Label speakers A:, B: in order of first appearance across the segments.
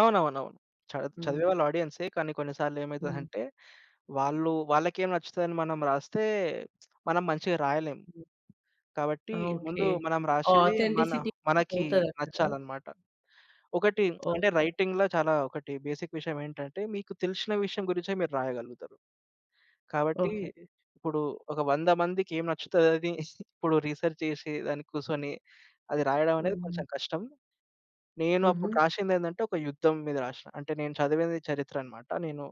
A: అవునవునవును. చ
B: హ్మ్.
A: -చదివేవాళ్ళు ఆడియన్సె, కానీ కొన్ని సార్లు
B: హ్మ్.
A: ఏమైతదంటే, వాళ్ళు వాళ్ళకేం నచ్చుతదని మనం రాస్తే మనం మంచిగా రాయలేం.
B: హ్మ్.
A: కాబట్టి
B: ఆ! ఓకే.
A: ముందు మనం
B: ఆ
A: రాశెది మన
B: అథెంటిసిటీ అనేది
A: మనకి
B: పోతదక్కడ.
A: నచ్చాలన్నమాట. ఒకటి అంటే
B: ఓకే.
A: రైటింగ్‌ల చాలా ఒకటి బేసిక్ విషయమెటంటే మీకు తెలిశిన విషయం గురించే మీరు రాయగలుగుతరు. కాబట్టి
B: ఓకే.
A: ఇప్పుడు ఒక వంద మందికెం నచ్చుతదది? ఇప్పుడు రిసర్చ్ చేశి, దానికి కూసోనీ అది రాయడమనేది కొంచెం
B: హ్మ్.
A: కష్టం. నేను అప్పుడు
B: హుహు.
A: రాశిందేందంటే ఒక యుద్ధం మీద రాశ్న. అంటే నేను చదివెది చరిత్ర అనమాట. నేను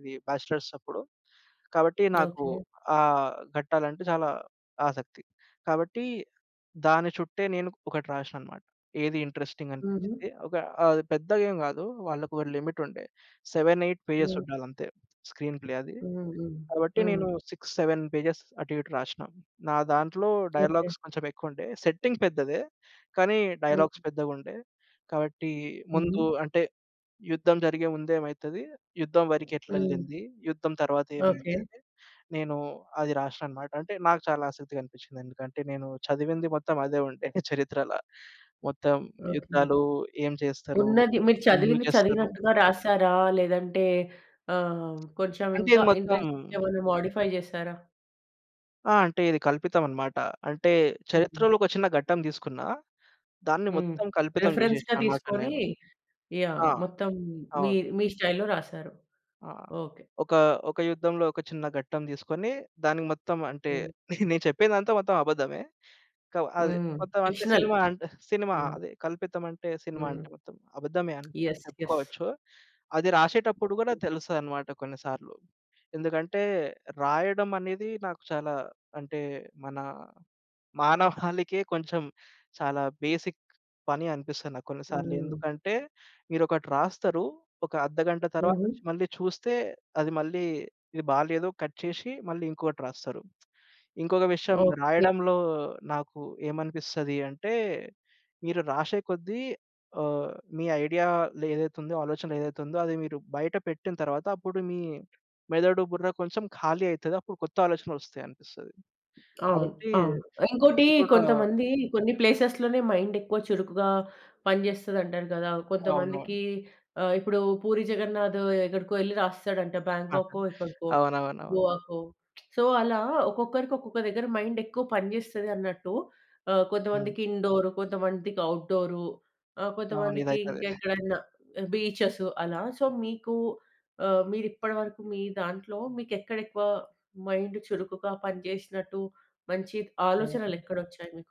A: ఇది బ్యాచలర్స్ అప్పుడు కాబట్టి నాకు
B: ఓకే.
A: ఆహ్, గట్టాలంటే చాలా ఆసక్తి. కాబట్టి దాని చుట్టే నేను ఒకటి రాశ్న అన్నమాట. ఏది ఇంట్రెస్టింగ్
B: హుహు.
A: అనిపించింది. ఒక ఆహ్, పెద్దగేం గాదు. వాళ్ళకొక లిమిట్ ఉండే. 7, 8 పేజెస్
B: హ్మ్.
A: ఉండాలంతే. స్క్రీన్ ప్లే అది.
B: హ్మ్. హ్మ్.
A: కాబట్టి
B: హ్మ్.
A: నేను 6, 7 పేజెస్ అటు ఇటు రాశ్న. నా దాంట్లో
B: ఓకే.
A: డైలాగ్స్ కొంచెం ఎక్కువుండే. సెట్టింగ్ పెద్దదే. కానీ
B: హ్మ్.
A: డైలాగ్స్ పెద్దగుండే. కావట్టి ముందు
B: హుహు.
A: అంటే యుద్ధం జరిగే ముందెమైతది? యుద్ధం
B: హ్మ్.
A: వరికెట్లెళ్ళింది? యుద్ధం
B: ఓకే.
A: తర్వాతెమైంది? అని నేను అది రాశ్నననమాట అంటే నాకు చాలా ఆసక్తిగా అనిపిచ్చింది. ఎందుకంటే నేను చదివింది మొత్తం అదే ఉండే చరిత్రల. మొత్తం
B: ఓకే.
A: యుద్ధాలు ఏం చేస్తరు?
B: ఉన్నది. మీరు
A: ఎందుకు
B: చదివింది
A: చేస్తరు?
B: చదివినట్టుగా రాసారా? లేదంటే ఆహ్, కొంచెం
A: అంటే
B: ఇంకా
A: ఇది మొత్తం
B: ఇంట్రెస్టింగేమైనా మోడిఫై చేసారా?
A: ఆ! అంటే ఇది కల్పితం అన్నమాట. అంటే
B: హుహు.
A: చరిత్రలో ఒక చిన్న ఘట్టం దీసుకున్న, దాన్ని
B: హ్మ్.
A: మొత్తం కల్పితం
B: రిఫరెన్స్‌గా
A: చేశ్ననన్నమాట
B: తీసుకొని
A: నేను.
B: యాహ్!
A: ఆ!
B: మొత్తం
A: అవును.
B: మీర్ మీ స్టైల్‌లో రాసారు.
A: ఆహ్,
B: ఓకే.
A: ఒక, ఒక యుద్ధంలో ఒక చిన్న ఘట్టం దీస్కొని దానికి మొత్తం అంటే
B: హ్మ్.
A: నేను చెప్పేదంతా మొత్తం అబద్ధమే. క అది
B: హ్మ్.
A: మొత్తం అంటే
B: ఫిక్షనల్.
A: సినిమా అంటే సినిమా
B: హ్మ్.
A: అది కల్పితం అంటే సినిమా
B: హ్మ్.
A: అంటే మొత్తం. అబద్ధమే అని
B: ఎస్ ఎస్.
A: చెప్పుకోవచ్చు. అది రాశెటప్పుడు గూడా తెలుస్తదన్నమాట కొన్ని సార్లు. ఎందుకంటే రాయడం అనేది నాకు చాలా అంటే మన మానవాళికే కొంచెం చాలా బేసిక్ పని అనిపిస్తది నాకు కొన్ని సార్లు.
B: హ్మ్.
A: ఎందుకంటే? మీరొకటి రాస్తరు. ఒక అర్ధగంట
B: హుహు.
A: తర్వాతొచ్చి మళ్ళీ చూస్తే అది మళ్ళీ ఇది బాలేదో కట్ చేశి మళ్ళీ ఇంకొకటి రాస్తరు. ఇంకొక విషయం
B: ఓకే.
A: రాయడంలో నాకు ఏమనిపిస్తది అంటే. మీరు రాశె కొద్దీ ఆహ్, మీ ఐడియాలో ఏదైతేతుందో, ఆలోచన ఏదైతేతుందో అది మీరు బయట పెట్టిన తరువాత, అప్పుడు మీ మెదడు బుర్ర కొంచెం ఖాళీ అయితది. అప్పుడు కొత్త ఆలోచనలొస్తయనిపిస్తది.
B: అవును.
A: కాబట్టి
B: అవును. ఇంకోటి
A: ఇది గూడా
B: కొంతమంది కొన్ని ప్లేసెస్‌లనే మైండెక్కువ చురుకుగా పనిజెస్తది అంటారు గదా! కొంతమందికి
A: అవునవును.
B: ఆహ్, ఇప్పుడు పూరి జగన్నాథ్ ఎక్కడికో ఎళ్లి రాసేస్తడంట.
A: ఆహా!
B: బ్యాంకా‌కొ ఎక్కడికో
A: అవునవునవును.
B: గోవకో. సో అలా ఒక్కొక్కరికి ఒక్కొక్క దగ్గర మైండెక్కువ పని జేస్తదన్నట్టు ఆహ్,
A: హ్మ్.
B: కొంతమందికి ఇండోర్, కొంతమందికి ఔట్‌డోర్ ఆ!
A: అవును.
B: కొంతమందికి
A: ఎదైతదె.
B: ఇంకెక్కడైనా బీచెస్, అలా సో మీకు ఆహ్, మీరిప్పడిరకు మీ దాంట్లో మీకెక్కడెక్కువ మైండ్ చురుకుగా పనిజెశ్నట్టు, మంచి ఆలోచనలు
A: హ్మ్.
B: ఎక్కడొచ్చాయి మీకు?